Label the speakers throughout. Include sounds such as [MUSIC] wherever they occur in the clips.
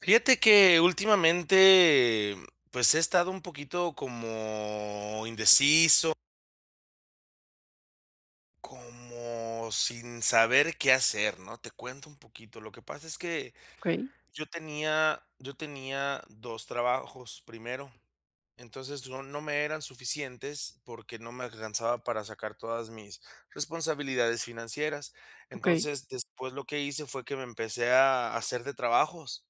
Speaker 1: Fíjate que últimamente, pues, he estado un poquito como indeciso como sin saber qué hacer, ¿no? Te cuento un poquito. Lo que pasa es que
Speaker 2: Okey.
Speaker 1: yo tenía yo tenía 2 trabajos primero. Entonces, no no me eran suficientes, porque no me alcanzaba para sacar todas mis responsabilidades financieras.
Speaker 2: Okey.
Speaker 1: Entonces, después lo que hice, fue que me empecé a hacer de trabajos,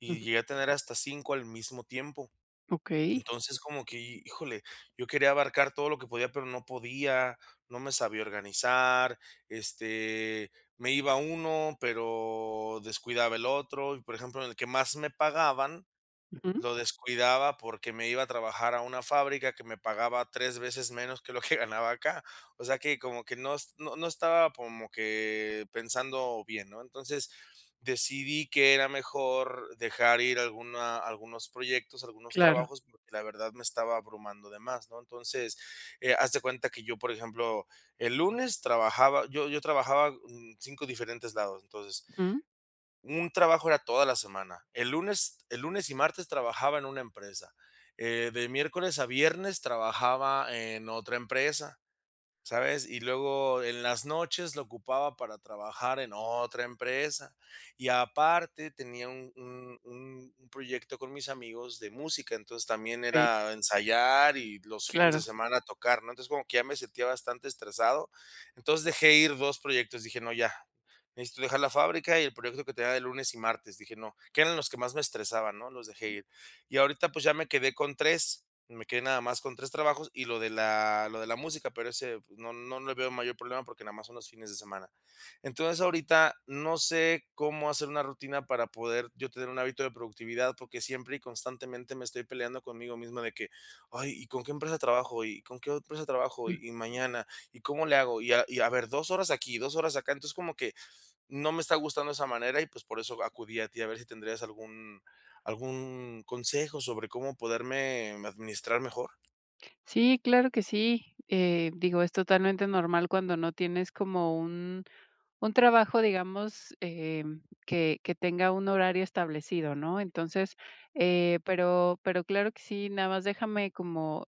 Speaker 1: y llegué a tener hasta 5 al mismo tiempo.
Speaker 2: Okey.
Speaker 1: Entonces, como que, híjole, yo quería abarcar todo lo que podía, pero no podía, no me sabía organizar, este, me iba a uno, pero descuidaba el otro, y, por ejemplo, en el que más me pagaban,
Speaker 2: Ujú.
Speaker 1: lo descuidaba, porque me iba a trabajar a una fábrica que me pagaba 3 veces menos que lo que ganaba acá. O sea, que como que no es no no estaba como que pensando bien, ¿no? Entonces, decidí que era mejor dejar ir a alguna algunos proyectos, algunos
Speaker 2: Claro.
Speaker 1: trabajos, porque, la verdad, me estaba abrumando de más, ¿no? Entonces, eh, haz de cuenta que yo, por ejemplo, el lunes trabajaba yo yo trabajaba, mm, 5 diferentes lados, entonces
Speaker 2: Ujú.
Speaker 1: un trabajo era toda la semana. El lunes el lunes y martes trabajaba en una empresa, eh, de miércoles a viernes trabajaba en otra empresa, ¿sabes? Y luego en las noches lo ocupaba para trabajar en otra empresa, y aparte tenía un un un un proyecto con mis amigos de música. Entonces, también
Speaker 2: Sí.
Speaker 1: era ensayar y los fines de
Speaker 2: Claro.
Speaker 1: semana tocar, ¿no? Entonces, como que ya me sentía bastante estresado, entonces, dejé ir 2 proyectos. Dije: "No, ya. Necesito dejar la fábrica y el proyecto que tenía de lunes y martes". Dije: "No". Que eran los que más me estresaban ¿no?, los dejé ir. Y ahorita, pues, ya me quedé con 3, me quedé nada más con 3 trabajos y lo de la lo de la música, pero ese no no le veo mayor problema, porque nada más son los fines de semana. Entonces, ahorita no sé cómo hacer una rutina para poder yo tener un hábito de productividad, porque siempre y constantemente, me estoy peleando conmigo mismo de que: "Ay, ¿y con qué empresa trabajo? ¿Y con qué empresa trabajo?
Speaker 2: Ujú.
Speaker 1: ¿Y y mañana? ¿Y cómo le hago? Y y a ver, 2 horas aquí, 2 horas acá". Entonces, como que no me está gustando esa manera y, pues, por eso acudí a ti a ver si tendrías algún algún consejo sobre cómo poderme administrar mejor.
Speaker 2: Sí, claro que sí, eh, digo, es totalmente normal cuando no tienes como un un trabajo, digamos, em, que que tenga un horario establecido, ¿no? Entonces, eh, pero pero claro que sí, nada más déjame como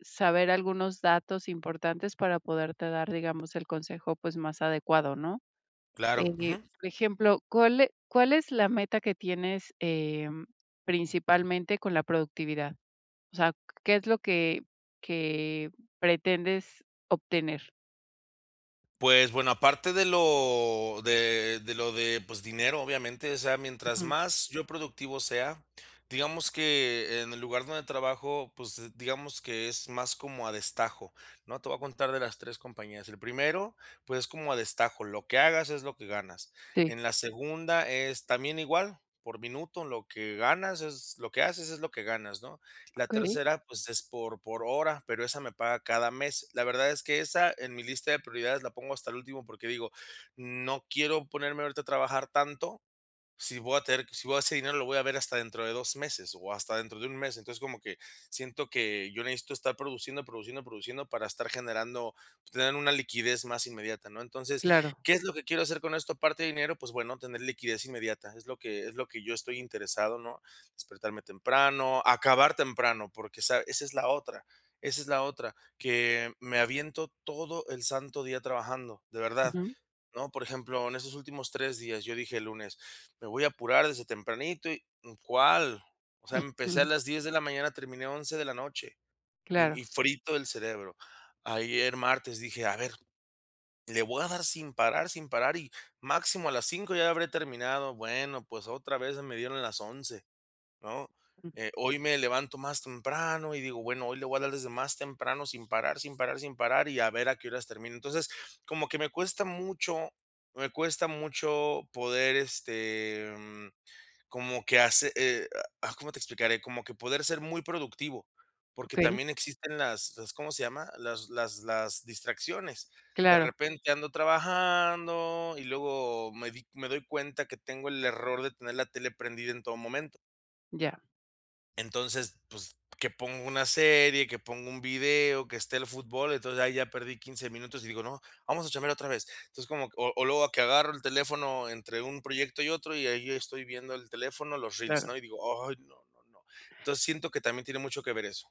Speaker 2: saber algunos datos importantes para poderte dar, digamos, el consejo, pues, más adecuado, ¿no?,
Speaker 1: Claro,
Speaker 2: eh,
Speaker 1: ujú.
Speaker 2: por ejemplo, ¿cuál e cuál es la meta que tienes, em, principalmente, con la productividad? O sea, ¿qué es lo que que pretendes obtener?
Speaker 1: Pues, bueno, aparte de lo de de lo de, pues, dinero, obviamente, o sea, mientras
Speaker 2: Ujú.
Speaker 1: más yo productivo sea, digamos que, en el lugar donde trabajo, pues, digamos que es más como a destajo, ¿no? Te voy a contar de las 3 compañías. El primero, pues, es como a destajo, lo que hagas es lo que ganas.
Speaker 2: Sí.
Speaker 1: En la segunda es, también igual, por minuto, lo que ganas es lo que haces es lo que ganas, ¿no?
Speaker 2: Ah,
Speaker 1: La
Speaker 2: okey.
Speaker 1: tercera, pues, es por por hora, pero esa me paga cada mes. La verdad es que esa, en mi lista de prioridades, la pongo hasta el último porque digo: "No quiero ponerme ahorita a trabajar tanto, si voy a tener si voy a ese dinero lo voy a ver hasta dentro de 2 meses o hasta dentro de un mes". Entonces, como que siento que yo necesito estar produciendo, produciendo, produciendo para estar generando, pues, tener una liquidez más inmediata, ¿no? Entonces,
Speaker 2: Claro.
Speaker 1: ¿qué es lo que quiero hacer con esto, aparte de dinero? Pues, bueno, tener liquidez inmediata. Es lo que es lo que yo estoy interesado, ¿no? Despertarme temprano, acabar temprano, porque esa esa es la otra esa es la otra, que me aviento todo el santo día trabajando, de verdad,
Speaker 2: Ujú.
Speaker 1: ¿no?, por ejemplo, en estos últimos 3 días, yo dije, el lunes: "Me voy a apurar desde tempranito y", ¿cuál? O sea, empecé a
Speaker 2: Ujú.
Speaker 1: las 10:00 de la mañana, terminé 11:00 de la noche. Y
Speaker 2: Claro.
Speaker 1: y frito del cerebro. Ayer martes, dije: "A ver, le voy a dar sin parar sin parar y, máximo a las 5:00 ya habré terminado". Bueno, pues, otra vez me dieron las 11:00 ¿no?
Speaker 2: Mm.
Speaker 1: Eh, hoy me levanto más temprano y digo: "Bueno, hoy le voy a dar desde más temprano, sin parar, sin parar, sin parar y a ver a qué horas termino". Entonces, como que me cuesta mucho me cuesta mucho poder, este, mm, como que hace eh, ah, ¿cómo te explicaré? Como que poder ser muy productivo, porque
Speaker 2: Okey.
Speaker 1: también existen las las, ¿cómo se llama? Las las las distracciones. De
Speaker 2: Claro.
Speaker 1: repente, ando trabajando y luego me di me doy cuenta que tengo el error de tener la tele prendida en todo momento.
Speaker 2: Ya.
Speaker 1: Entonces, pues, que ponga una serie, que ponga un video, que esté el fútbol. Entonces, ahí ya perdí 15 minutos y digo: "No, vamos a chambear otra vez". Entonces, como o o luego que agarro el teléfono entre un proyecto y otro, y ahí estoy viendo el teléfono, los reels, ¿no?,
Speaker 2: Claro.
Speaker 1: y digo: "Ay, no, no, no". Entonces, siento que también tiene mucho que ver eso.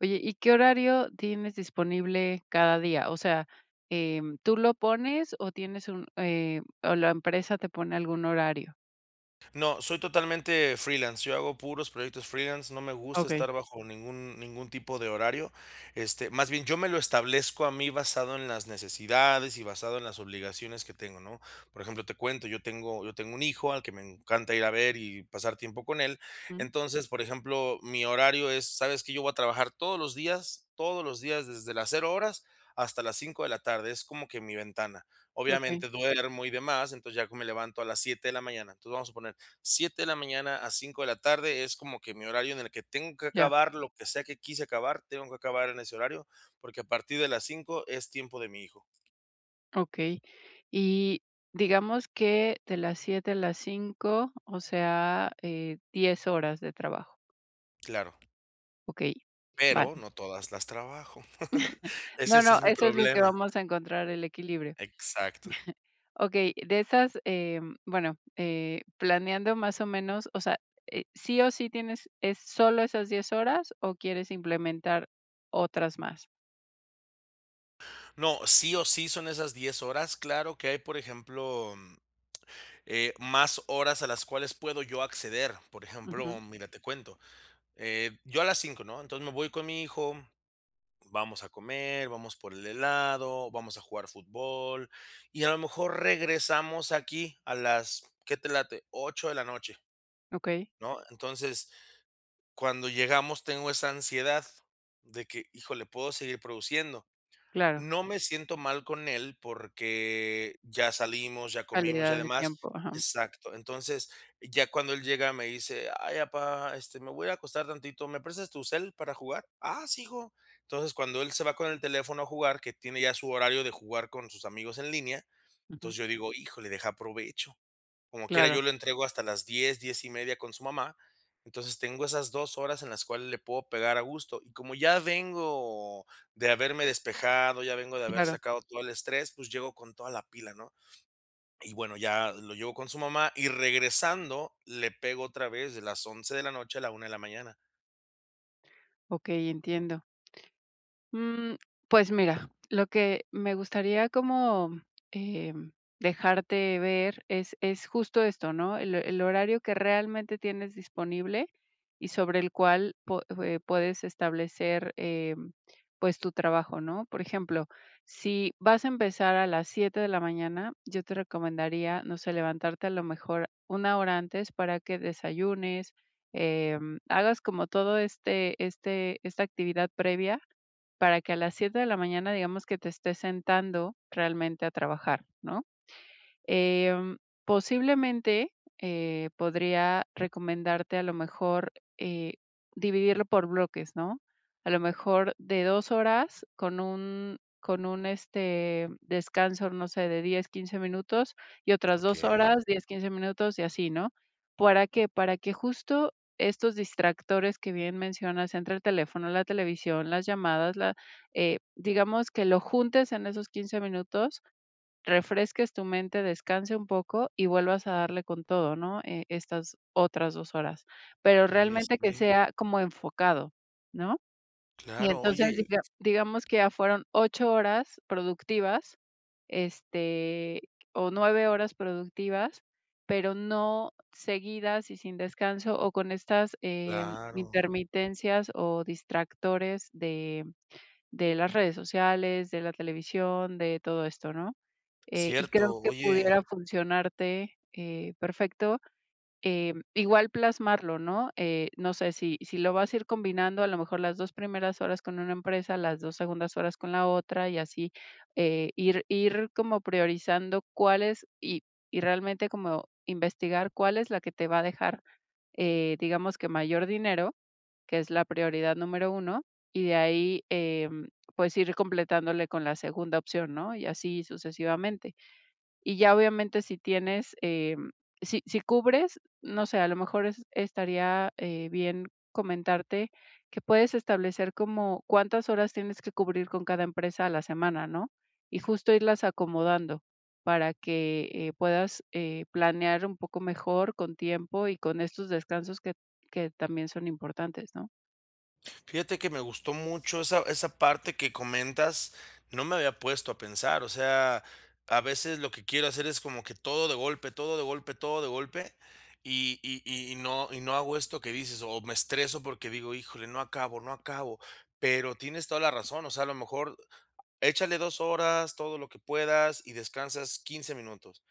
Speaker 2: Oye, ¿y qué horario tienes disponible cada día?, o sea, eh, ¿tú lo pones o tienes un, eh, o la empresa te pone algún horario?
Speaker 1: No, soy totalmente freelance, yo hago puros proyectos freelance, no me gusta
Speaker 2: Okey.
Speaker 1: estar bajo ningún ningún tipo de horario, este, más bien, yo me lo establezco a mí, basado en las necesidades y basado en las obligaciones que tengo, ¿no? Por ejemplo, te cuento, yo tengo yo tengo un hijo al que me encanta ir a ver y pasar tiempo con él.
Speaker 2: Ujú.
Speaker 1: Entonces, por ejemplo, mi horario es, ¿sabes que?, yo voy a trabajar todos los días, todos los días, desde las 0 horas hasta las 5 de la tarde. Es como que mi ventana.
Speaker 2: Okey.
Speaker 1: Obviamente, duermo y demás. Entonces ya que me levanto a las 7 de la mañana. Entonces, vamos a suponer, 7 de la mañana a 5 de la tarde, es como que mi horario en el que tengo que
Speaker 2: Ya.
Speaker 1: acabar lo que sea que quise acabar, tengo que acabar en ese horario, porque a partir de las 5, es tiempo de mi hijo.
Speaker 2: Okey. Y digamos que de las 7 a las 5, o sea, eh, 10 horas de trabajo.
Speaker 1: Claro.
Speaker 2: Okey, vale.
Speaker 1: Pero, no todas las trabajo. [LAUGHS]
Speaker 2: [CHUCKLES]
Speaker 1: Ese
Speaker 2: No,
Speaker 1: es
Speaker 2: no,
Speaker 1: es mi
Speaker 2: eso es lo que
Speaker 1: problema.
Speaker 2: vamos a encontrar, el equilibrio.
Speaker 1: Exacto.
Speaker 2: [CHUCKLES] Okey, de esas, eh bueno, eh, planeando más o menos, o sea, eh, ¿sí o sí tienes es solo esas 10 horas o quieres implementar otras más?
Speaker 1: No, sí o sí, son esas 10 horas. Claro que hay, por ejemplo, eh, más horas a las cuales puedo yo acceder. Por
Speaker 2: Ujú.
Speaker 1: ejemplo, mira, te cuento. Eh, yo a las 5 ¿no? Entonces, me voy con mi hijo, vamos a comer, vamos por el helado, vamos a jugar fútbol y a lo mejor regresamos aquí a las, ¿qué te late?, 8 de la noche
Speaker 2: Okey.
Speaker 1: ¿no? Entonces, cuando llegamos, tengo esa ansiedad de que, híjole, puedo seguir produciendo.
Speaker 2: Claro.
Speaker 1: No me siento mal con él, porque ya salimos, ya comimos, ya
Speaker 2: Calidad de
Speaker 1: demás.
Speaker 2: tiempo. Ajá.
Speaker 1: Exacto. Entonces, ya cuando él llega, me dice: "Ay, papá, este, me voy a acostar tantito, ¿me prestas tu cel para jugar?". "Ah, sí, hijo". Entonces, cuando él se va con el teléfono a jugar, que tiene ya su horario de jugar con sus amigos en línea, entonces,
Speaker 2: Ujú.
Speaker 1: yo digo: "Híjole, deja, aprovecho". Como quiera,
Speaker 2: Claro.
Speaker 1: yo lo entrego hasta las 10, 10 y media con su mamá. Entonces, tengo esas 2 horas en las cuales le puedo pegar a gusto. Y como ya vengo de haberme despejado, ya vengo de haber
Speaker 2: Claro.
Speaker 1: sacado todo el estrés, pues, llego con toda la pila, ¿no? Y bueno, ya lo llevo con su mamá y regresando, le pego otra vez de las 11 de la noche a la una de la mañana.
Speaker 2: Okey, entiendo. Mm, pues, mira, lo que me gustaría como, eh, dejarte ver es es justo esto, ¿no?, el el horario que realmente tienes disponible, y sobre el cual po eh, puedes establecer, eh, pues tu trabajo, ¿no? Por ejemplo, si vas a empezar a las 7 de la mañana, yo te recomendaría, no sé, levantarte a lo mejor 1 hora antes para que desayunes, em, hagas como todo este este esta actividad previa, para que a las 7 de la mañana, digamos que te estés sentando realmente a trabajar, ¿no?, em, posiblemente, eh, podría recomendarte a lo mejor, eh, dividirlo por bloques, ¿no?, a lo mejor de 2 horas con un con un, este, descanso, no sé, de 10, 15 minutos y otras 2
Speaker 1: Okey.
Speaker 2: horas, 10, 15 minutos y así, ¿no? ¿Para qué?, para que justo estos distractores que bien mencionas entre el teléfono, la televisión, las llamadas, la eh, digamos que lo juntes en esos 15 minutos, refresques tu mente, descanse un poco y vuelvas a darle con todo, ¿no?, eh, estas otras 2 horas, pero
Speaker 1: Oye,
Speaker 2: realmente, que
Speaker 1: sí.
Speaker 2: sea como enfocado, ¿no? Y
Speaker 1: Claro,
Speaker 2: entonces, así
Speaker 1: oye
Speaker 2: que ah, digamos que ya fueron 8 horas productivas, este, o 9 horas productivas, pero no seguidas y sin descanso o con estas, eh,
Speaker 1: Claro.
Speaker 2: intermitencias o distractores de de las redes sociales, de la televisión, de todo esto, ¿no?, eh, y creo
Speaker 1: Cierto,
Speaker 2: que
Speaker 1: oye
Speaker 2: pudiera funcionarte, eh, perfecto, eh, igual plasmarlo, ¿no?, eh, no sé si si lo vas a ir combinando, a lo mejor las 2 primeras horas con una empresa, las 2 segundas horas con la otra y así, eh, ir ir como priorizando cuál es, y y realmente como, investigar cuál es la que te va a dejar, eh, digamos que mayor dinero, que es la prioridad número 1 y de ahí, em, pues, ir completándole con la segunda opción, ¿no?, y así sucesivamente. Y ya obviamente, si tienes, em, si si cubres, no sé, a lo mejor es estaría, eh, bien comentarte que puedes establecer como cuántas horas tienes que cubrir con cada empresa a la semana, ¿no?, y justo irlas acomodando para que, eh, puedas, eh, planear un poco mejor con tiempo y con estos descansos que que también son importantes, ¿no?
Speaker 1: Fíjate que me gustó mucho esa esa parte que comentas, no me había puesto a pensar, o sea, a veces, lo que quiero hacer es como que todo de golpe, todo de golpe, todo de golpe, y y y no y no hago esto que dices o me estreso porque digo: "Híjole, no acabo, no acabo". Pero tienes toda la razón, o sea, a lo mejor, échale 2 horas, todo lo que puedas, y descansas 15 minutos,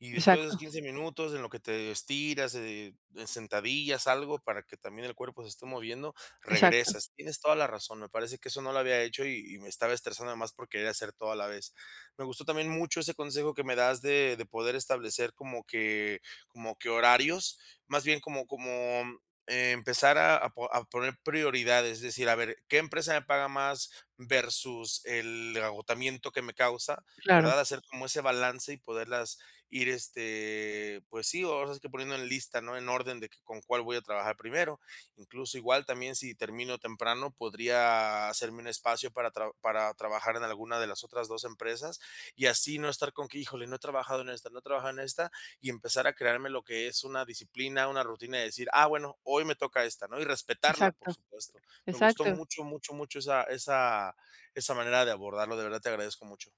Speaker 1: y después de esos
Speaker 2: Exacto.
Speaker 1: 15 minutos en lo que te estiras, eh, sentadillas, algo para que también el cuerpo se esté moviendo,
Speaker 2: Exacto.
Speaker 1: regresas. Tienes toda la razón, me parece que eso no lo había hecho y y me estaba estresando, además por querer hacer todo a la vez. Me gustó también mucho ese consejo que me das de de poder establecer como que como que horarios más bien como como, mm, empezar a a po a poner prioridades, es decir, a ver qué empresa me paga más, versus el agotamiento que me causa,
Speaker 2: Claro.
Speaker 1: ¿verdad?, hacer como ese balance y poderlas ir, este, pues sí, ahora sí que poniendo en lista, ¿no?, en orden de que con cuál voy a trabajar primero. Incluso, igual, también si termino temprano, podría hacerme un espacio para tra para trabajar en alguna de las otras 2 empresas y así no estar con que: "Híjole no he trabajado en esta, no he trabajado en esta", y empezar a crearme lo que es una disciplina, una rutina de decir: "Ah, bueno, hoy me toca esta, ¿no?", y respetarla, por
Speaker 2: Exacto.
Speaker 1: supuesto. Me gustó
Speaker 2: Exacto.
Speaker 1: mucho, mucho, mucho esa esa esa manera de abordarlo. De verdad te agradezco mucho.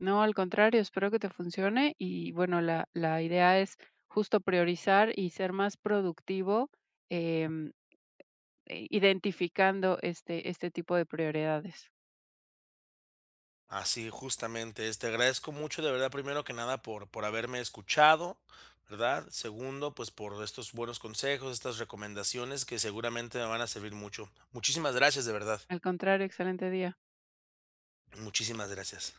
Speaker 2: No, al contrario, espero que te funcione y bueno, la la idea es justo priorizar y ser más productivo, em, i identificando este este tipo de prioridades.
Speaker 1: Así, justamente es. Te agradezco mucho, de verdad, primero que nada, por por haberme escuchado, ¿verdad? Segundo, pues, por estos buenos consejos, estas recomendaciones que seguramente me van a servir mucho. Muchísimas gracias, de verdad.
Speaker 2: Al contrario. Excelente día.
Speaker 1: Muchísimas gracias.